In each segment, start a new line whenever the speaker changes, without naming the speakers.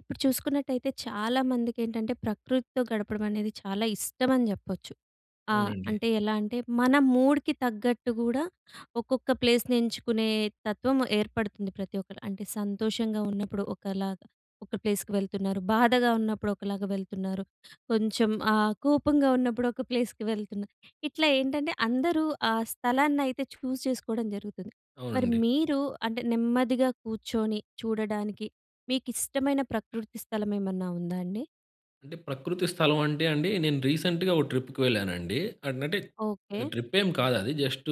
ఇప్పుడు చూసుకున్నట్టయితే చాలా మందికికేంటంటే ప్రకృతితో గడపడం అనేది చాలా ఇష్టం అని చెప్పొచ్చు. ఆహ్,
అవునండి.
అంటే ఎలా అంటే మన మూడ్‌కి తగ్గట్టు కూడా ఒక్కొక్క ప్లేస్‌ని ఎంచుకునే తత్వం ఏర్పడుతుంది ప్రతి ఒక్కరు. అంటే సంతోషంగా ఉన్నప్పుడు ఒకలాగా, ఒక ప్లేస్‌కి వెళ్తున్నారు. బాధగా ఉన్నప్పుడు ఒకలాగా వెళ్తున్నారు. కొంచెం ఆహ్, కోపంగా ఉన్నప్పుడు ఒక ప్లేస్‌కి వెళ్తున్నారు. ఇట్లా ఏంటంటే అందరూ ఆ స్థలాన్నయితే చూస్ చేసుకోవడం జరుగుతుంది. మరి
అవునండి.
మీరు అంటే నెమ్మదిగా కూర్చొని చూడడానికి మీకిష్టమైన ప్రకృతి స్థలం ఏమన్నా ఉందా అండి?
అంటే ప్రకృతి స్థలం అంటే అండి, నేను రీసెంట్‌గా ఒక ట్రిప్‌కి వెళ్ళానండి. అంటే
ఓకే.
అది ట్రిప్పేమి కాదు అది జస్ట్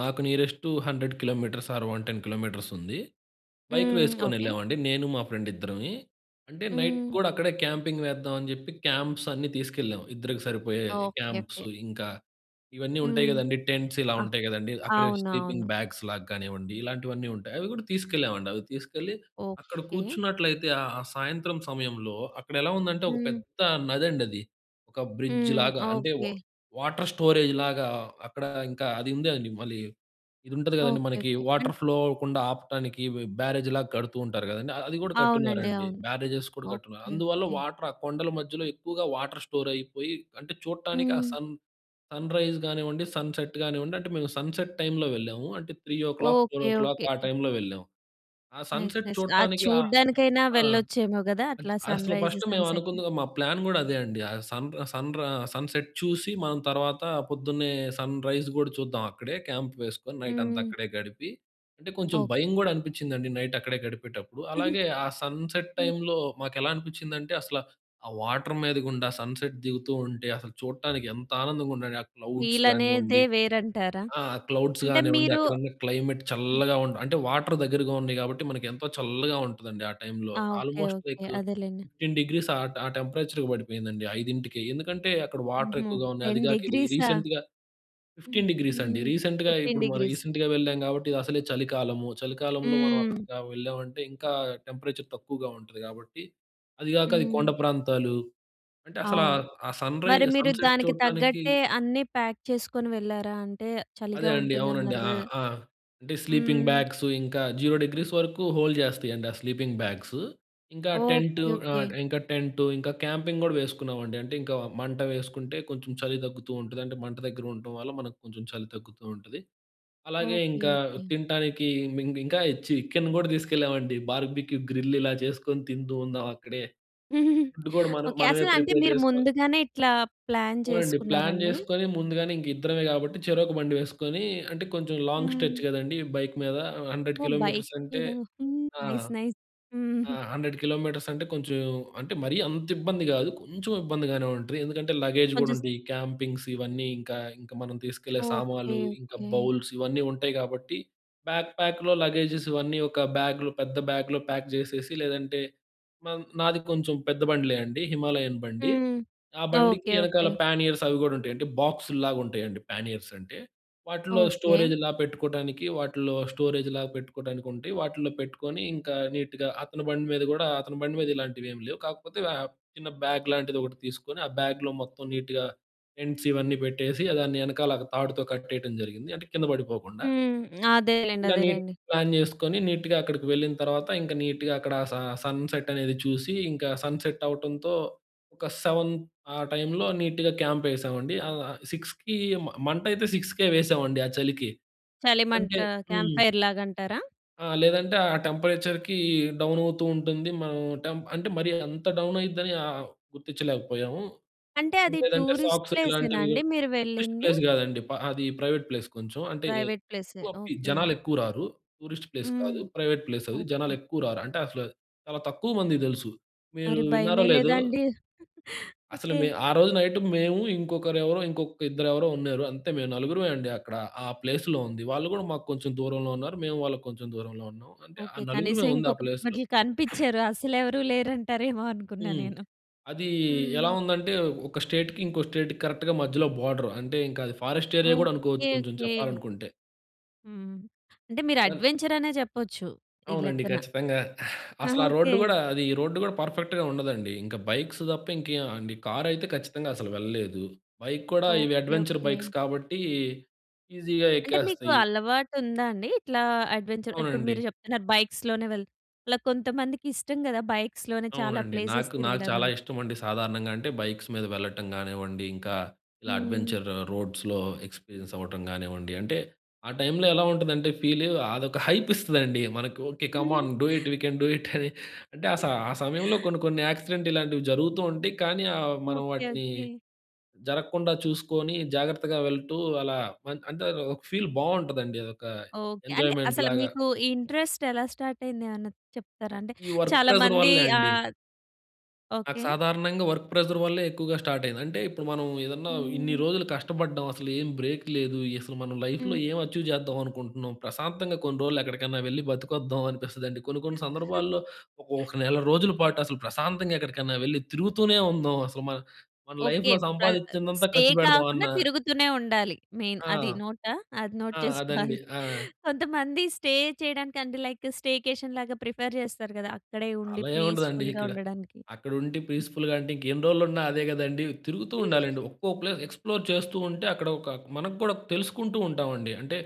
నాకు నియరెస్ట్ 100 కిలోమీటర్స్ ఆర్ 110 కిలోమీటర్స్ ఉంది. బైక్‌లు
హ్మ్,
ఎసుకొని
ఓకే.
ఎళ్ళామండి. నేను మా ఫ్రెండ్ ఇద్దరమి. అంటే నైట్
హ్మ్.
కూడా అక్కడే క్యాంపింగ్ వేద్దాం అని చెప్పి క్యాంప్స్ అన్నీ తీసుకెళ్ళాం ఇద్దరికి సరిపోయే
ఓకే. ఓకే.
క్యాంప్సు ఇంకా ఇవన్నీ ఉంటాయి
హ్మ్,
కదండీ. టెంట్స్ ఇలా
ఆ!
ఉంటాయి కదండీ. అక్కడే స్లీపింగ్
అవునవును.
బ్యాగ్స్‌లాగా కానివ్వండి ఇలాంటివన్నీ ఉంటాయి. అవి కూడా తీసుకెళ్ళామండి. అవి తీసుకెళ్ళి అక్కడ
ఓకే.
కూర్చున్నట్లయితే ఆ సాయంత్రం సమయంలో అక్కడెలా ఉందంటే ఒక
హ్మ్.
పెద్ద నది అండి అది. ఒక
హ్మ్,
బ్రిడ్జ్‌లాగా అంటే వా
ఓకే.
వాటర్ స్టోరేజ్‌లాగా అక్కడ ఇంకా అది ఉందండి. మళ్ళీ ఇది ఉంటుంది కదండీ
ఓకే,
మనకి
ఓకే. హ్మ్.
వాటర్ ఫ్లో అవ్వకుండా ఆపటానికి బ్యారేజ్‌లాగా కడుతూ ఉంటారు కదండీ. అది కూడా
అవునండి.
కట్టున్నారండి.
అవును.
బ్యారేజెస్ కూడా కట్టున్నారు.
ఓకే.
అందువల్ల
ఓకే.
వాటర్ ఆ కొండల మధ్యలో ఎక్కువగా వాటర్ స్టోర్ అయిపోయి. అంటే చూడటానికి ఆ
హ్మ్.
సన్ సన్‌రైజ్ కానివ్వండి సన్‌సెట్ కానివ్వండి అంటే మేము సన్‌సెట్ టైమ్‌లో వెళ్ళాము. అంటే 3, 4
ఓకే.
ఓ క్లాక్
ఓకే.
ఆ టైమ్‌లో వెళ్ళాము. ఆ
నైస్.
Sunset
nice. అది
చూడటానికి ఆహ్
చూడ్డానికైనా
ఆ!
వెళ్ళొచ్చేమో కదా. అట్లా
అసలు
సన్‌రైజు,
ఫస్ట్
సన్‌సెటు.
మేమనుకున్న మా ప్లాన్ కూడా అదే అండి. ఆ సన్ రా సన్ ర సన్‌సెట్ చూసి మనం తర్వాత పొద్దున్నే సన్‌రైజ్ కూడా చూద్దాం అక్కడే క్యాంప్ వేసుకొని నైట్ అంతా
హ్మ్.
అక్కడే గడిపి. అంటే కొంచెం
ఓకే.
భయం కూడా అనిపించిందండి నైట్ అక్కడే గడిపేటప్పుడు. అలాగే ఆ సన్‌సెట్
హ్మ్.
టైమ్‌లో మాకెలా అనిపించిందంటే అసల ఆ వాటర్ మీదగుండా సన్‌సెట్ దిగుతూ ఉంటే అసలు చూడటానికి ఎంత ఆనందంగా ఉండండి. ఆ క్లౌడ్స్
వీలనేదే
కానివ్వండి
వేరంటారా?
ఆ! క్లౌడ్స్
అంటే
కానివ్వండి
మీరు
అక్కడున్న క్లైమేట్ చల్లగా ఉంట అంటే వాటర్ దగ్గరగా ఉన్నాయి కాబట్టి మనకు ఎంతో చల్లగా ఉంటుందండి ఆ టైమ్‌లో
ఆ! ఓకే.
Almost
okay.
లైక్
అదేలెండి.
15 డిగ్రీస్ ఆ ట్ ఆ టెంపరేచర్‌కి పడిపోయిందండి 5కి ఎందుకంటే అక్కడ వాటర్
హుహు.
ఎక్కువగా ఉన్నాయి. అది
10 C
కాక ఇది
డిగ్రీసా!
రీసెంట్‌గా 15 డిగ్రీస్ అండి.
హుహు.
రీసెంట్‌గా
15 C
ఇప్పుడు మనం
డిగ్రీస్.
రీసెంట్‌గా వెళ్ళాం కాబట్టి ఇదసలే చలికాలం. చలికాలంలో మనం
హ్మ్.
అక్కడికి వెళ్ళామంటే ఇంకా టెంపరేచర్ తక్కువగా ఉంటది కాబట్టి. అది కాక అది
హ్మ్.
కొండ ప్రాంతాలు. అంటే అసలు
అవును.
ఆ సన్‌రైజ్
మరి మీరు
సన్‌సెట్
దానికి
చూడటానికి
తగ్గట్టే అన్నీ ప్యాక్ చేసుకొని వెళ్లారా? అంటే
అదే
చలిగా
అండి. అవునండి.
ఉంటుందన్నారు
ఆ!
కదా.
ఆ! అంటే స్లీపింగ్
హ్మ్.
బ్యాగ్సు ఇంకా 0 డిగ్రీస్ వరకు హోల్డ్ చేస్తాయండి ఆ స్లీపింగ్ బ్యాగ్సు. ఇంకా టెంటు
ఓకే.
ఆ!
ఓకే.
ఇంకా టెంటు ఇంకా క్యాంపింగ్ కూడా వేసుకున్నామండి. అంటే ఇంకా మంట వేసుకుంటే కొంచెం చలి తగ్గుతూ ఉంటది. అంటే మంట దగ్గర ఉండటం వల్ల మనకు కొంచెం చలి తగ్గుతూ ఉంటది. అలాగే
ఓకే,
ఇంకా
ఓకే.
తినటానికి ఇంకా చికెన్ కూడా తీసుకెళ్ళామండి. బార్బిక్యూ గ్రిల్ ఇలా చేసుకొని తింటుందాం అక్కడే. ఫుడ్ కూడా మన
ఓకే.
మనమే
అసల అంటే
ప్రిపేర్
మీరు
చేసుకో
ముందుగానే ఇట్లా ప్లాన్
అవునండి. ప్లాన్
చేసుకున్నారండీ?
చేసుకొని ముందుగానే ఇంక ఇద్దరమే కాబట్టి చెరొక బండి వేసుకొని అంటే కొంచెం లాంగ్
హ్మ్.
స్ట్రెచ్ కదండీ. బైక్ మీద 100
ఓహ్! బైక్
కిలోమీటర్స్ అంటే
మీద హ్మ్,
ఆ!
Nice nice.
ఆ!
హుహు.
100 కిలోమీటర్స్ అంటే కొంచెం అంటే మరీ అంత ఇబ్బంది కాదు కొంచెం ఇబ్బందిగానే ఉంటది. ఎందుకంటే లగేజ్ కూడా
కొంచెం
ఉంటుంది. క్యాంపింగ్స్ ఇవన్నీ ఇంకా ఇంకా మనం తీసుకెళ్లే
ఓకే.
సామాన్లు ఇంకా
ఓకే.
బౌల్స్ ఇవన్నీ ఉంటాయి కాబట్టి. బ్యాక్ ప్యాక్‌లో లగేజెస్ ఇవన్నీ ఒక బ్యాగ్‌లో పెద్ద బ్యాగ్‌లో ప్యాక్ చేసేసి లేదంటే నాది కొంచెం పెద్ద బండి‌లే అండి. హిమాలయన్ బండి.
హ్మ్,
ఆ బండికి
ఓకే.
వెనకాల
ఓకే.
పానియర్స్ అవి కూడా ఉంటాయి. అంటే బాక్స్‌ల్లాగా ఉంటాయండి. పానీయర్స్ అంటే. వాటిలో
ఓకే.
స్టోరేజ్‌లాగా పెట్టుకోవడానికి వాటిల్లో స్టోరేజ్‌లాగా పెట్టుకోవడానికి ఉంటాయి. వాటిలో పెట్టుకొని ఇంకా నీట్‌గా అతని బండి మీద కూడా అతని బండి మీద ఇలాంటివి ఏమీ లేవు కాకపోతే ఆహ్ చిన్న బ్యాగ్ లాంటిది ఒకటి తీసుకొని ఆ బ్యాగ్‌లో మొత్తం నీట్‌గా టెంట్స్ ఇవన్నీ పెట్టేసి దాన్ని వెనకాల తాడుతో కట్టేయడం జరిగింది. అంటే కింద పడిపోకుండా.
హ్మ్, అదేలెండి,
ఇలా నీట్
అదేలెండి.
ప్లాన్ చేసుకొని నీట్‌గా అక్కడికి వెళ్ళిన తర్వాత ఇంకా నీట్‌గా అక్కడ స సన్‌సెట్ అనేది చూసి. ఇంకా సన్‌సెట్ అవ్వటంతో ఒక 7 ఆ టైమ్‌లో నీట్‌గా క్యాంప్ ఎసామండి. ఆ! 6కి మంట అయితే 6కే వేసామండి ఆ చలికి.
చలిమంట
అంటే
క్యాంప్
హ్మ్.
ఫైర్‌లాగా అంటారా?
ఆ! లేదంటే ఆ టెంపరేచర్‌కి డౌన్ అవుతూ ఉంటుంది. మన టెం అంటే మరి అంత డౌన్ అయిద్దని ఆహ్ గుర్తించలేకపోయాము.
అంటే అది
లేదంటే
టూరిస్ట్
సాక్స్‌లు
ప్లేసేనా
ఇలాంటివి
అండి మీరు
టూరిస్ట్
వెళ్ళింది?
ప్లేస్ కాదండి. అది ప్రైవేట్ ప్లేస్ కొంచెం అంటే
ప్రైవేట్ ప్లేసే.
ఎక్కువ
ఓకే.
జనాలెక్కువ రారు. టూరిస్ట్ ప్లేస్
హ్మ్,
కాదు ప్రైవేట్ ప్లేస్ అది. జనాలు
ఓకే.
ఎక్కువ రారు. అంటే అసలు చాలా తక్కువ మందికి తెలుసు. మీరు
మరి
విన్నారో లేదో!
భయమేయలేదాండి?
అసలు
ఓకే.
మే ఆ రోజు నైట్ మేము ఇంకొకరెవరో ఇంకొక ఇద్దరెవరో ఉన్నారు. అంతే మేము నలుగురమే అండి. అక్కడ ఆ ప్లేస్‌లో ఉంది. వాళ్ళు కూడా మాకు కొంచెం దూరంలో ఉన్నారు. మేము వాళ్ళకి కొంచెం దూరంలో ఉన్నాం. అంటే ఆ
ఓకే. కనీసం
నలుగురమే ఉంది ఆ ప్లేస్‌లో.
ఇంకొకళ్ళు కనిపించారు. అసలెవరు లేరంటారేమో అనుకున్నా
హ్మ్,
నేను.
అది ఎలా
హ్మ్.
ఉందంటే ఒక స్టేట్‌కి ఇంకో స్టేట్‌కి కరెక్ట్‌గా మధ్యలో బోర్డర్. అంటే ఇంకా అది ఫారెస్ట్ ఏరియా కూడా
ఓకే.
అనుకోవచ్చు కొంచెం
ఓకే.
చెప్పాలనుకుంటే.
హ్మ్, అంటే మీరు
ఆ!
అడ్వెంచర్ అనే చెప్పొచ్చు ఈ
అవునండి
లెక్కన.
ఖచ్చితంగా. అసల
ఆహా!
ఆ రోడ్డు
ఓకే.
కూడా అది ఈ రోడ్డు కూడా పర్ఫెక్ట్‌గా ఉండదండి. ఇంకా బైక్స్ తప్ప ఇంకేమండి కార్ అయితే ఖచ్చితంగా అసలు వెళ్ళలేదు. బైక్ కూడా ఇవి
ఓకే.
Adventure
okay.
బైక్స్ కాబట్టి ఈజీగా
అంటే మీకు
ఎక్కేస్తాయి.
అలవాటు ఉందా అండి? ఇట్లా అడ్వెంచర్ ఇప్పుడు
అవునండి.
మీరు చెప్తున్నారు బైక్స్‌లోనే వెళ్ ఇలా కొంతమందికిష్టం కదా బైక్స్‌లోనే చాలా
అవునండి.
ప్లేసెస్
నాకు, నాకు
తిరగడం
చాలా
అని.
ఇష్టమండి. సాధారణంగా అంటే బైక్స్ మీద వెళ్ళటం కానివ్వండి, ఇంకా ఇలా
హ్మ్.
అడ్వెంచర్ రోడ్స్‌లో ఎక్స్పీరియన్స్ అవ్వటం కానివ్వండి అంటే ఆ టైమ్‌లో ఎలా ఉంటుందంటే ఫీల్ అదొక హైప్ ఇస్తదండి. మనకి "okay. Come on do it, we can do it" అని అంటే ఆ స ఆ సమయంలో కొన్ని కొన్ని యాక్సిడెంట్ ఇలాంటివి జరుగుతూ ఉంటాయి. కానీ ఆహ్, మనం
ఓకే.
వాటిని
ఓకే.
జరగకుండా చూసుకొని జాగ్రత్తగా వెళ్తూ అలా అం అంటే ఒక ఫీల్ బావుంటదండి. అదొక
ఓకే. అంటే అసలు
ఎంజాయ్‌మెంట్‌లాగా.
మీకు ఈ ఇంట్రెస్ట్ ఎలా స్టార్ట్ అయింది ఏమన్నా చెప్తారా? అంటే
ఈ వర్క్
చాలా
ప్రెషర్
మంది
వల్లే అండి.
ఆహ్,
నాకు
ఓకే.
సాధారణంగా వర్క్ ప్రెషర్ వల్లే ఎక్కువగా స్టార్ట్ అయింది. అంటే ఇప్పుడు మనం ఏదన్నా ఇన్ని
హ్మ్.
రోజులు కష్టపడ్డాం అసలేం బ్రేక్ లేదు. అసలు మనం లైఫ్‌లో
హ్మ్.
ఏం అచీవ్ చేద్దాం అనుకుంటున్నాం. ప్రశాంతంగా కొన్ని రోజులెక్కడికన్నా వెళ్లి బతికొద్దాం అనిపిస్తుందండి. కొన్ని కొన్ని సందర్భాల్లో ఒక ఒక నెల రోజుల పాటు అసలు ప్రశాంతంగా ఎక్కడికన్నా వెళ్లి తిరుగుతూనే ఉందాం. అసలు మన మన
ఓకే.
లైఫ్‌లో
పా
సంపాదించిందంతా
స్టే
ఖర్చుపెడదాం అన్న
కాకుండా తిరుగుతూనే ఉండాలి. మెయిన్
ఆ!
అది నోటా, అది నోట్
ఆ! అదండి.
చేసుకోవాలి.
ఆ!
కొంతమంది స్టే చేయడానికి అంటే లైక్ స్టేకేషన్‌లాగా ప్రిఫర్ చేస్తారు కదా, అక్కడే ఉండి
అలా ఏముండదండి
పీస్‌ఫుల్‌గా
ఇక్కడ.
ఉండడానికి.
అక్కడుండి పీస్‌ఫుల్‌గా అంటే ఇంకెన్ని రోజులున్నా అదే కదండీ. తిరుగుతూ ఉండాలండి. ఒక్కో ప్లేస్ ఎక్స్‌ప్లోర్ చేస్తూ ఉంటే అక్కడ ఒక మన కూడా తెలుసుకుంటూ ఉంటాం అండి. అంటే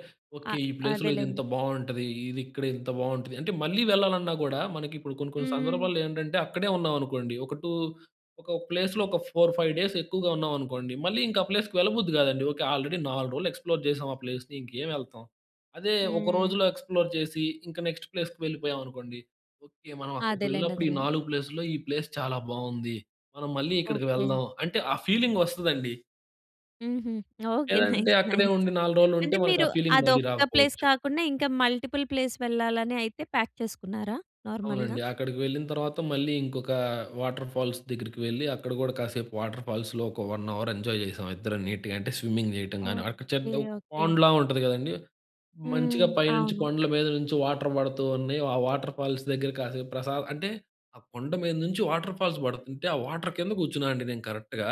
అ
ఓకే ఈ ప్లేస్ లో ఇది
అదేలెండి.
ఇంత బావుంటది. ఇది ఇక్కడ ఇంత బాగుంటది. అంటే మళ్ళీ వెళ్లాలన్నా గూడా మనకిప్పుడు కొన్ని కొన్ని
హ్మ్.
సందర్భాల్లో ఏంటంటే అక్కడే ఉన్నాం అనుకోండి. ఒక 2 ఒక ప్లేస్‌లో ఒక 4, 5. ఎక్కువగా ఉన్నామనుకోండి. మళ్ళీ ఇంకా ఆ ప్లేస్‌కి వెళ్ళబుద్ది కాదండి. ఓకే ఆల్రెడీ 4 రోజులు ఎక్స్‌ప్లోర్ చేసాం ఆ ప్లేస్‌ని. ఇంకేం ఎళ్తాం. అదే ఒక
హ్మ్.
రోజులో ఎక్స్‌ప్లోర్ చేసి ఇంక నెక్స్ట్ ప్లేస్‌కి వెళ్ళిపోయామనుకోండి. ఓకే మనం అక్కడికి
అదేలెండి.
వెళ్ళినప్పుడు ఈ
అదేలెండి.
నాలుగు ప్లేస్‌లో ఈ ప్లేస్ చాలా బావుంది. మనం మళ్ళీ ఇక్కడికి
ఓకే.
వెళ్దాం అంటే ఆ ఫీలింగ్ వస్తదండి.
హుహు. ఓకె.
లేదంటే
నైస్
అక్కడే
నైస్.
ఉండి 4 రోలు ఉంటే
అంటే
మనకు
మీరు
ఆ ఫీలింగ్ మళ్ళీ
అదొక్క ప్లేస్
రాకపోవచ్చు.
కాకుండా ఇంకా మల్టిపుల్ ప్లేస్ వెళ్ళాలని అయితే ప్యాక్ చేసుకున్నారా? నార్మల్‌గా.
అవునండి. అక్కడికి వెళ్ళిన తర్వాత మళ్ళీ ఇంకొక వాటర్ ఫాల్స్ దగ్గరికి వెళ్లి అక్కడ గూడా కాసేపు వాటర్ ఫాల్స్‌లో ఒక 1 అవర్ ఎంజాయ్ చేసాం ఇద్దరం నీట్‌గా. అంటే స్విమ్మింగ్ చేయటం గాని అక్కడ
ఓకె,
చెడ్డ్ ఒక
ఓకె.
పాండ్‌లా ఉంటది కదండీ,
హ్మ్.
మంచిగా పైనుంచి
అవును.
కొండల మీద నుంచి వాటర్ పడుతూ ఉన్నాయి. ఆ వాటర్ ఫాల్స్ దగ్గర కాసేపు ప్రసా అంటే ఆ కొండ మీద నుంచి వాటర్ ఫాల్స్ పడుతుంటే ఆ వాటర్ కింద కూర్చున్నానండి నేను కరెక్ట్‌గా.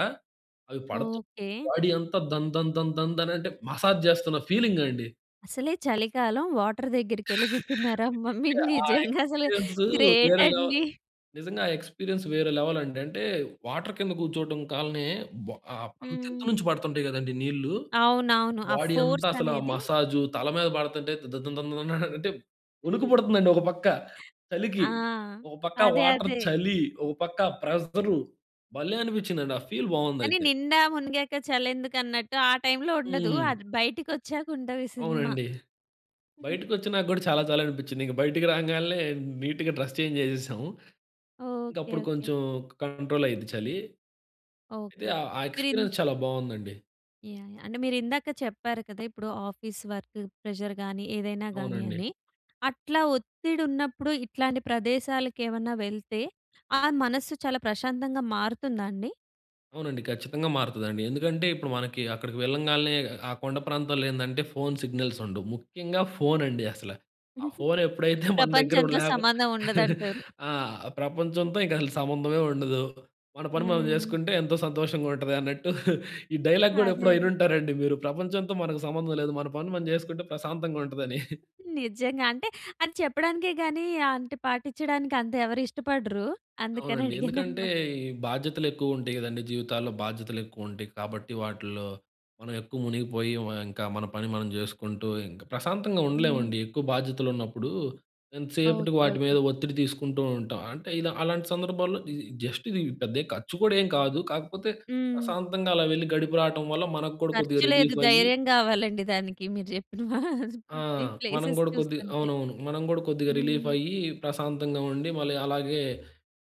అవి పడుతూ
ఓకె.
బాడీ అంతా ధన్, ధన్, ధన్, ధన్, ధనంటే మసాజ్ చేస్తున్న ఫీలింగ్ అండి.
అసలే చలికాలం వాటర్ దగ్గరికెళ్ళి కూర్చున్నారా? అమ్మ! మీరు
ఆ
నిజంగా అసలు
ఎక్స్‌పీరియన్స్
గ్రేట్
వేరే లెవ్
అండి.
నిజంగా ఆ ఎక్స్‌పీరియన్స్ వేరే లెవెల్ అండి. అంటే వాటర్ కింద కూర్చోవటం కాలనే బ అంత
హ్మ్.
ఎత్తు నుంచి పడుతుంటాయి కదండీ నీళ్ళు,
అవునవును. ఆ
బాడీ అంతా
ఫోర్స్
అసలు ఆ
అనేది
మసాజు. తల మీద పడుతుంటే ద ద ద దన్ దన్ అనంటే వణుకు పడుతుందండి ఒక పక్క చలికి.
ఆ!
ఒక పక్క
అదే,
వాటర్
అదే.
చలి. ఒక పక్క ప్రెజరు. భలే అనిపించిందండి, ఆ ఫీల్
కానీ
బావుందయితే.
నిండా మునిగాక చలెందుకన్నట్టు ఆ టైమ్‌లో ఉండదు.
హ్మ్.
అది బయటికి ఒచ్చాక ఉంటది సినిమా.
అవునండి. బయటకొచ్చినా గూడా చాలా చలి అనిపించింది. ఇంక బయటికి రాంగాల్నే నీట్‌గా డ్రెస్ చేంజ్ చేసేసాము. ఇంక
ఓకె.
అప్పుడు
ఓకె.
కొంచెం కంట్రోల్ అయ్యింది చలి. అయితే
ఓకె.
ఆహ్, ఆ
మీరు ఇన్
ఎక్స్‌పీరియన్స్ చాలా బావుందండి.
యాహ్! యాహ్! అంటే మీరు ఇందాక చెప్పారు కదా! ఇప్పుడు ఆఫీస్ వర్క్ ప్రెషర్ గాని ఏదైనా గాని
అవునండి.
అని, అట్లా ఒత్తిడి ఉన్నప్పుడు ఇట్లాంటి ప్రదేశాలకు ఏమన్నా వెళ్తే ఆ మనస్సు చాలా ప్రశాంతంగా మారుతుందా అండి?
అవునండి. ఖచ్చితంగా మారతదండి. ఎందుకంటే ఇప్పుడు మనకి అక్కడికి వెళ్ళంగాల్నే, ఆ కొండ ప్రాంతంలో ఏందంటే ఫోన్ సిగ్నల్సుండవు. ముఖ్యంగా ఫోనండి అసల. ఆ ఫోన్ ఎప్పుడైతే మన దగ్గర
ప్రపంచంతో
లేక
సంబంధం ఉండదంటారు.
ఆ! ప్రపంచంతో ఇంకసలు సంబంధమే ఉండదు. మన పని మనం
హ్మ్.
చేసుకుంటే ఎంతో సంతోషంగుంటుందన్నట్టు. ఈ డైలాగ్ గూడా
అదే.
ఎప్పుడో
అదే.
ఇనుంటారండి మీరు. ప్రపంచంతో మనకు సంబంధం లేదు. మన పని మనం చేసుకుంటే ప్రశాంతంగుంటుందని.
నిజంగా. అంటే అది చెప్పడానికే గాని, ఆంటె పాటించడానికి అంత ఎవరిష్టపడరు.
అవునండి. ఎందుకంటే
అందుకనడిగాననమాట.
ఈ బాధ్యతలు ఎక్కువుంటాయి గదండీ జీవితాల్లో. బాధ్యతలు ఎక్కువుంటాయి కాబట్టి వాటిల్లో మనం ఎక్కువ మునిగిపోయి వ ఇంకా మన పని మనం చేసుకుంటింకా, ప్రశాంతంగా
హ్మ్.
ఉండలేమండి ఎక్కువ బాధ్యతలున్నప్పుడు, ఎంతసేపటికి
ఓకే.
వాటి మీద
ఓకే.
ఒత్తిడి తీసుకుంటుంటాం. అంటే ఇలా అలాంటి సందర్భాల్లో ఇది జస్ట్ ఇది పెద్ద ఏ ఖర్చు గూడా ఏం కాదు. కాకపోతే
హ్మ్.
ప్రశాంతంగా అలా వెళ్లి, గడిపి రావటం వల్ల మనకు గూడా కొద్దిగా
ఖర్చు లేదు.
రిలీఫయ్యి
ధైర్యం కావాలండి దానికి మీరు చెప్పిన వ
ఆ!
ఈ
మనం
ప్లేసేస్
గూడా కొద్దిగా
చూస్తుంటే.
అవునవును. మనం కూడా కొద్దిగా
హ్మ్.
రిలీఫయ్యి ప్రశాంతంగుండి, మళ్ళీ అలాగే,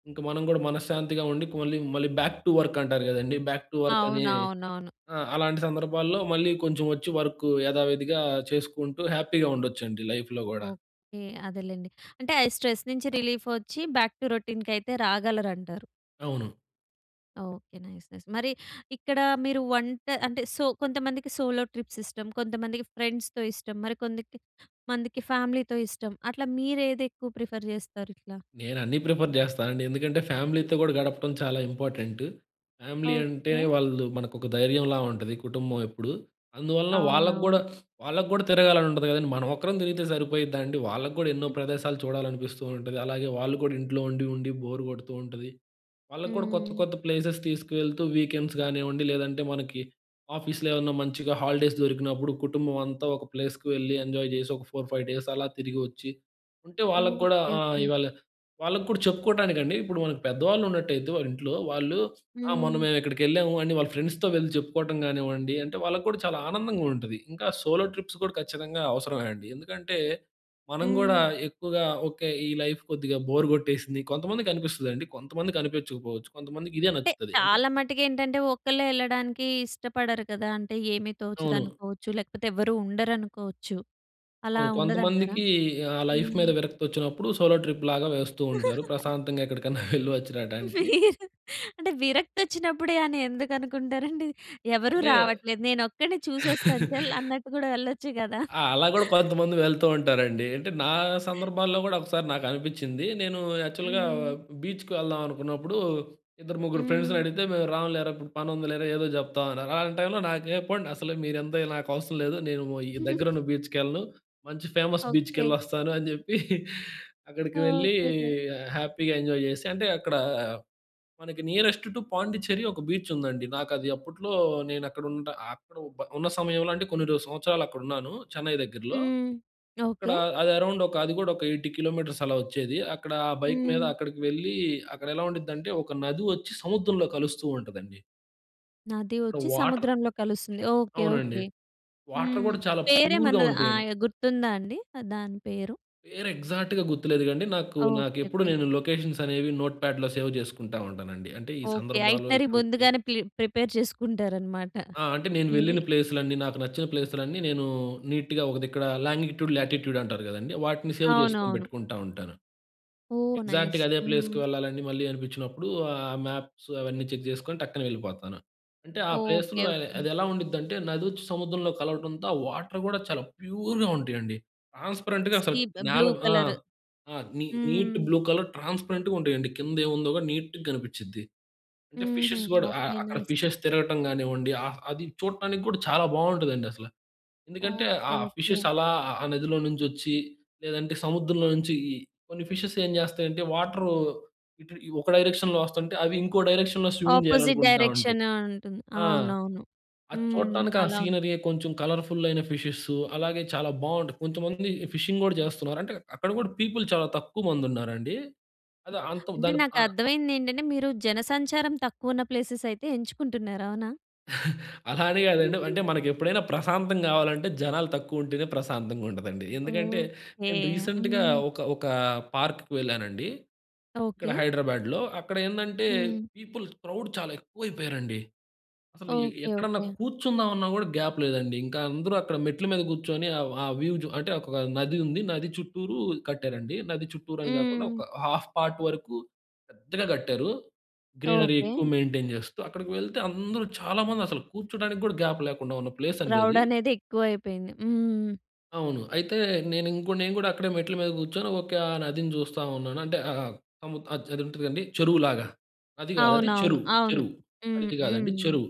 ఇంక మనం గూడ మనశ్శాంతిగుండి, పొన్లి మళ్ళీ బ్యాక్ టు వర్కంటారు కదండీ! బ్యాక్ టు వర్కని
అవునవునవును.
ఆ! అలాంటి సందర్భాల్లో మళ్ళీ కొంచెం ఒచ్చి వర్క్ యథావిధిగా చేసుకుంటూ హ్యాపీగుండొచ్చండి. లైఫ్‌లో గూడా.
ఓకే. అదేలెండి. అంటే ఆ స్ట్రెస్ నుంచి రిలీఫొచ్చి బాక్‌ టు రొటీన్‌కయితే రాగలరంటారు.
అవును.
ఓకె. Nice nice. మరి ఇక్కడ మీరు వంట అంటే సో కొంతమందికి సోలో ట్రిప్స్ ఇష్టం, కొంతమందికి ఫ్రెండ్స్‌తో ఇష్టం, మరి కొంద‌కి మందికి ఫ్యామిలీ‌తో ఇష్టం. అట్లా మీరు ఏది ఎక్కువ ప్రిఫర్ చేస్తారు ఇట్లా?
నేను అన్నీ ప్రిఫర్ చేస్తానండి. ఎందుకంటే ఫ్యామిలీతో కూడా గడపడం చాలా ఇంపార్టెంట్. ఫ్యామిలీ అంటే
ఓకె.
వాళ్ళు మనకు ఒక ధైర్యంలా ఉంటది, కుటుంబం ఎప్పుడు. అందువలన వాళ్ళకి కూడా,
అవునవును.
వాళ్ళకి కూడా తిరగాలని ఉంటుంది కదండీ! మనం ఒక్కరం తిరిగితే సరిపోయిద్దా అండి వాళ్ళకి కూడా ఎన్నో ప్రదేశాలు చూడాలనిపిస్తూ ఉంటది. అలాగే వాళ్ళు కూడా ఇంట్లో ఉండి ఉండి బోర్ కొడుతూ ఉంటది. వాళ్ళకి కూడా కొత్త
హ్మ్.
కొత్త ప్లేసెస్ తీసుకువెళ్తూ వీకెండ్స్ కానివ్వండి లేదంటే మనకి ఆఫీస్‌లో ఏమన్నా మంచిగా హాలిడేస్ దొరికినప్పుడు కుటుంబం అంతా ఒక ప్లేస్‌కి వెళ్లి, ఎంజాయ్ చేసి, ఒక 4, 5 డేస్ అలా తిరిగి వచ్చి. ఉంటే వాళ్ళకి కూడా
ఓకె,
ఆహ్,
ఓకె.
ఇవాళ వాళ్ళకి కూడా చెప్పుకోటానికండి ఇప్పుడు మన‌కు పెద్దవాళ్ళు ఉన్నట్టయితే వాళ్ళ ఇంట్లో వాళ్ళు "ఆ! మొన్న
హ్మ్.
మేము ఇక్కడికి వెళ్ళాము" అని వాళ్ళ ఫ్రెండ్స్‌తో వెళ్లి చెప్పుకోవడం కానివ్వండి అంటే, వాళ్ళకి కూడా చాలా ఆనందంగా ఉంటది. ఇంకా సోలో ట్రిప్స్ కూడా ఖచ్చితంగా అవసరమే అండి. ఎందుకంటే మనం కూడా
హ్మ్.
ఎక్కువగా, ఓకె ఈ లైఫ్ కొద్దిగా బోర్ కొట్టేసింది. కొంతమందికి అనిపిస్తుందండి కొంతమంది కనిపించకపోవచ్చు కొంతమందికి ఇదే
అంటే,
నచ్చుతది అంటే
చాలా మటుకు ఏంటంటే ఒక్కళ్ళే వెళ్ళడానికి ఇష్టపడరు కదా. అంటే ఏమి తోచదు
అవును.
అనుకోవచ్చు లేకపోతే ఎవరూ ఉండరనుకోవచ్చు. అలా
అవును.
ఉండదంటారా?
కొంతమందికి ఆహ్, లైఫ్
హ్మ్.
మీద విరక్తి వచ్చినప్పుడు సోలో ట్రిప్‌ లాగా వేస్తూ ఉంటారు ప్రశాంతంగా ఎక్కడికన్నా వెళ్ళి వచ్చి రావటానికి.
మీరు అంటే విరక్తి వచ్చినప్పుడే అని ఎందుకు అనుకుంటారండి. ఎవరు
అంటే
రావట్లేదు నేనొక్కడినే చూసొస్తాను చల్! అన్నట్టు కూడా వెళ్ళొచ్చు కదా!
ఆ! అలా కూడా కొంతమంది వెళ్తూ ఉంటారండి. అంటే నా సందర్భాల్లో కూడా ఒకసారి నాకు అనిపించింది. నేను యాక్చువల్‌గా
హ్మ్.
బీచ్‌కి వెళ్దాం అనుకున్నప్పుడు ఇద్దరు, ముగ్గురు ఫ్రెండ్స్‌‌ని
హ్మ్.
అడిగితే, మేము రాములేరా ఇప్పుడు పని ఉందిలేరా, ఏదో చెప్తాం అన్నారు. అలాంటి టైమ్‌లో నాకు ఏ! పోండి అసలు మీరు ఎంత నాకు అవసరం లేదు. నేను ఓ ఈ దగ్గర ఉన్న బీచ్‌కి వెళ్ళను మంచి ఫేమస్
ఓకె.
బీచ్‌కెళ్లొస్తాను, అని చెప్పి అక్కడికి వెళ్ళి
ఓకెకె.
హ్యాపీగా ఎంజాయ్ చేసి అంటే, అక్కడ మనకి నియరెస్ట్ టూ పాండిచెర్రీ ఒక బీచ్ ఉందండి. నాకు అది అప్పట్లో నేను అక్కడ ఉంటా అక్కడ బ ఉన్న సమయంలో కొన్ని సంవత్సరాలు అక్కడ ఉన్నాను చెన్నై దగ్గరలో.
హ్మ్.
అక్కడ
ఓకె.
అది అరౌండ్ ఒక అది కూడా ఒక 80 కిలోమీటర్స్ అలా వచ్చేది. అక్కడ ఆ బైక్ మీద
హ్మ్.
అక్కడికి వెళ్లి, అక్కడ ఎలా ఉండిద్దంటే ఒక నది వచ్చి సముద్రంలో కలుస్తూ ఉంటదండి.
నది
ఇప్పుడు
వచ్చి
వాటర్
సముద్రంలో కలుస్తుంది. ఓకే.
అవునండి.
ఓకే.
వాటర్
హ్మ్.
గూడా చాలా ప్యూర్‌గా
పేరేమన్నా
ఉంటయండి.
ఆయ గుర్తుందా అండి దాని పేరు?
పేరు ఎగ్జాక్ట్‌గా గుర్తులేదుగాండి. నాకు నాకు
ఓకే.
ఎప్పుడు
ఓకే.
నేను లొకేషన్స్ అనేవి నోట్‌ప్యాడ్‌లో సేవ్ జేసుకుంటా ఉంటానండి. అంటే ఈ
ఓకే.
సందర్భాలు
ఐటినరీ
[unintelligible]
ముందుగానే ప్లి ప్రిపేర్ చేసుకుంటారనమాట
ఆ! అంటే నేను
మీది.
వెళ్ళిన ప్లేస్‌లన్నీ, నాకు నచ్చిన ప్లేస్‌లన్నీ నేనూ నీట్‌గా ఒక దిక్కడా లాంగిట్యూడ్, లాటిట్యూడ్ అంటారు గదండీ! వాటిని సేవ్ చేసుకొని
అవునవును.
పెట్టుకుంటా ఉంటాను.
ఓహ్! నైస్.
ఎగ్జాక్ట్‌గా అదే
హ్మ్.
ప్లేస్‌కు వెళ్ళాలని మళ్ళీ అనిపిచ్చినప్పుడూ ఆహ్, మాప్స్ అవన్నీ చెక్ జేసుకొని టక్కన వెళ్ళిపోతాను. అంటే ఆ
ఓకే.
ప్లేస్‌లో ఆహ్,
ఓకే.
అది ఎలా ఉండిద్దంటే నదొచ్చి సముద్రంలో కలవటంతో ఆ వాటర్ గూడా చాలా ప్యూర్‌గా ఉంటయండి. ట్రాన్స్‌పరెంట్‌గా అసలు
ఈ బ్ బ్లూ
నేల ఆ!
కలర్.
ఆ! నీ నీట్
హ్మ్.
బ్లూ కలర్ ట్రాన్స్‌పరెంట్‌గా ఉంటయండి. కింద ఏముందో గూడా నీట్‌‌గా గనిపిచ్చిద్ది. అంటే
హుహు.
ఫిషెస్ గూడా ఆహ్,
ఓకే.
అక్కడ
నైస్.
ఫిషెస్ తిరగటం గానివ్వండీ ఆహ్, అది చూడటానికి గూడా చాలా బావుంటదండి అసల. ఎందుకంటే
ఓకే.
ఆహ్, ఆ
ఓకే.
ఫిషెస్ అలా ఆ నదిలో నుంచొచ్చి లేదంటే సముద్రంలో నుంచి ఈ కొన్ని ఫిషెస్ ఏం జేస్తాయంటే వాటరు ఇటు ఈ ఒక డైరెక్షన్‌లో వస్తంటే అవి ఇంకో డైరెక్షన్‌లో స్విమ్మింగ్
ఆపోజిట్
జెయ్యాలనుకుంటా ఉంటయి.
డైరెక్షన్ ఆహ్, ఉంటుంది.
ఆ!
అవునవును.
అది
హ్మ్.
చూడటానికి ఆ
అలా
సీనరీ కొంచెం కలర్‌ఫుల్ అయిన ఫిషెస్ అలాగే చాలా బావుంటది. కొంతమందీ ఫిషింగ్ గూడా చేస్తన్నారు. అంటే అక్కడ గూడా పీపుల్ చాలా తక్కువ మంది ఉన్నారండీ. అది అంత
అంటే
దాని ఆహ్
నాకర్థమయింది ఏంటంటే మీరు జన సంచారం తక్కువ ఉన్న ప్లేసెస్ అయితే ఎంచుకుంటున్నారు. అవునా?
అలా అని కాదండి. అంటే మనకు ఎప్పుడైనా ప్రశాంతం కావాలంటే, జనాలు తక్కువుంటేనే ప్రశాంతంగా ఉంటదండి. ఎందుకంటే
ఓకే.
నేను రీసెంట్‌గా
హ్మ్.
ఒక ఒక పార్క్‌కి వెళ్ళానండి. ఇక్కడ
ఓకే.
హైదరాబాద్‌లో. అక్కడ ఏందంటే
హ్మ్.
పీపుల్ క్రౌడ్ చాలా ఎక్కువ అయిపోయారండి. అసలు ఎ
ఓకే.
ఎక్కడన్నా
ఓకే.
కూర్చుందామన్న కూడా గ్యాప్ లేదండి. ఇంకా అందరూ అక్కడ మెట్ల మీద కూర్చొని ఆహ్, ఆహ్ వ్యూ అంటే ఒక నది ఉంది. నది చుట్టూరు కట్టారండి. నది చుట్టూరు అని కాకుండా
హ్మ్.
ఒక హాల్ఫ్ పార్ట్ వరకు పెద్దగా కట్టారు. Greenery
okay.
ఎక్కువ మెయింటైన్ చేస్తూ. అక్కడికి వెళ్తే అందరూ చాలా మంది అసలు కూర్చోడానికి కూడా గ్యాప్ లేకుండా ఉన్న ప్లేస్ అండి
క్రౌడ్
అది.
అనేది ఎక్కువైయిపోయింది. హ్మ్.
అవును. అయితే నేను ఇంకో నేను కూడా అక్కడే మెట్ల మీద కూర్చొని ఓకే. ఆ నదిని చూస్తా ఉన్నాను. అంటే ఆహ్, ఆ-ఆ అది ఉంటడండి చెరువులాగా. నది కాదు, అది
అవునవును.
చెరువు.
అవును.
చెరువు.
హ్మ్.
నది కాదండి
హ్మ్.
చెరువు.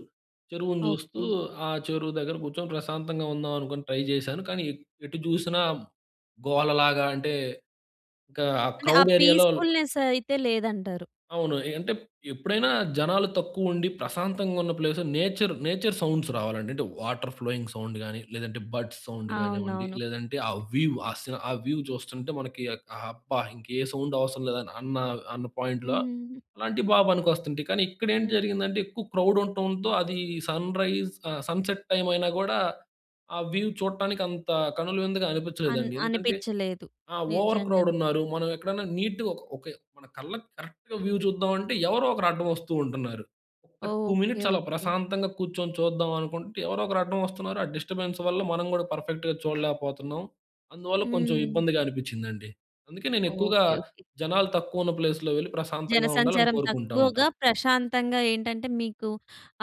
చెరువుని చూస్తూ,
ఓకే.
ఆ చెరువు దగ్గర కూర్చొని ప్రశాంతంగా ఉందాం అనుకోని ట్రై చేశాను. కానీ ఎటు చూసినా గోలలాగా అంటే ఇంకా ఆహ్,
అంటే
క్రౌడ్
ఆహ్,
ఏరియాలో
పీస్‌ఫుల్‌నెస్ అయితే లేదంటారు.
అవును. ఏ అంటే ఎప్పుడైనా జనాలు తక్కువ ఉండి, ప్రశాంతంగా ఉన్న ప్లేస్‌లో నేచర్ నేచర్ సౌండ్స్ రావాలండి. అంటే వాటర్ ఫ్లోయింగ్ సౌండ్ గాని, లేదంటే బర్డ్స్ సౌండ్ కానివ్వండి,
అవునవును.
లేదంటే ఆహ్, వ్యూ ఆహ్, వ్యూ చూస్తుంటే మనకి అబ్బా! ఇంకే ఏ సౌండ్ అవసరం లేదన్న అన్న పాయింట్‌లో
హ్మ్.
అలాంటివి బాగా పనికొస్తుంటాయి. కానీ ఇక్కడ ఏంటి
హ్మ్.
జరిగిందంటే ఎక్కువ క్రౌడ్ ఉంటంతో, అది సన్‌రైజ్ ఆహ్, సన్‌సెట్ టైమ్ అయినా కూడా ఆహ్, వ్యూ చూడటానికి అంత కనుల విందుగా
అన్
అనిపించలేదండి. ఎందుకంటే
అనిపించలేదు.
ఆహ్, ఓవర్ క్రౌడ్
నిజంగానే.
ఉన్నారు. మనం ఎక్కడైనా నీట్‌గా ఒక మన కళ్ళకి కరెక్ట్‌గా వ్యూ చూద్దాం అంటే ఎవరో ఒకరు అడ్డం వస్తూ ఉంటున్నారు. ఒక్క 2
ఓకే.
మినిట్స్ అలా
ఓకే.
ప్రశాంతంగా కూర్చొని చూద్దాం అనుకుంటే, ఎవరో ఒకరు అడ్డం వస్తున్నారు. ఆహ్, డిస్టర్బెన్స్ వల్ల మనం కూడా పర్ఫెక్ట్‌గా చూడలేకపోతున్నాం. అందువల్ల కొంచెం
హ్మ్.
ఇబ్బందిగా అనిపించిందండి. అందుకే నేను ఎక్కువగా
ఓకే. ఓకే.
జనాలు తక్కువ ఉన్న ప్లేస్‌లో వెళ్లి ప్రశాంతంగా ఉండాలని
జనసంచారం
కోరుకుంటా
తక్కువగా,
ఉంటాను.
ప్రశాంతంగా ఏంటంటే మీకు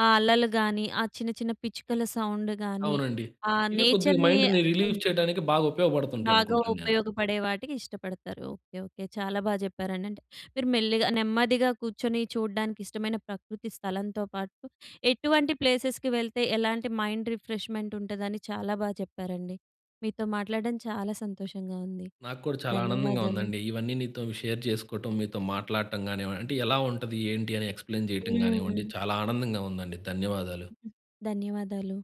ఆహ్, అలలు గాని, ఆహ్, చిన్న చిన్న పిచ్చుకల సౌండ్ గాని
అవునండి.
ఆహ్,
ఇదే కొద్దిగా
నేచర్‌ని
మైండ్‌ని
హ్మ్.
రిలీఫ్ చేయటానికి బాగా ఉపయోగపడుతుంటాయి
బాగా
అనుకుంటానేను.
ఉపయోగపడే వాటికి ఇష్టపడతారు. ఓకే. ఓకే. చాలా బాగా చెప్పారండి. అంటే మీరు మెల్లిగా, నెమ్మదిగా కూర్చొని చూడ్డానికి ఇష్టమైన ప్రకృతి స్థలంతో పాటు ఎటువంటి ప్లేసెస్‌కి వెళ్తే, ఎలాంటి మైండ్ రిఫ్రెష్మెంట్ ఉంటదని చాలా బాగా చెప్పారండి. మీతో మాట్లాడడం చాలా సంతోషంగా ఉంది.
నాకు కూడా చాలా ఆనందంగా
ధన్యవాదాలు.
ఉందండి. ఇవన్నీ నీతో షేర్ చేసుకోవటం, మీతో మాట్లాడటం కానివ్వండి, అంటే ఎలా ఉంటది? ఏంటి? అని ఎక్స్‌‌ప్లెయిన్ చేయటం కానివ్వండి,
హ్మ్.
చాలా ఆనందంగా ఉందండి. ధన్యవాదాలు.
ధన్యవాదాలు.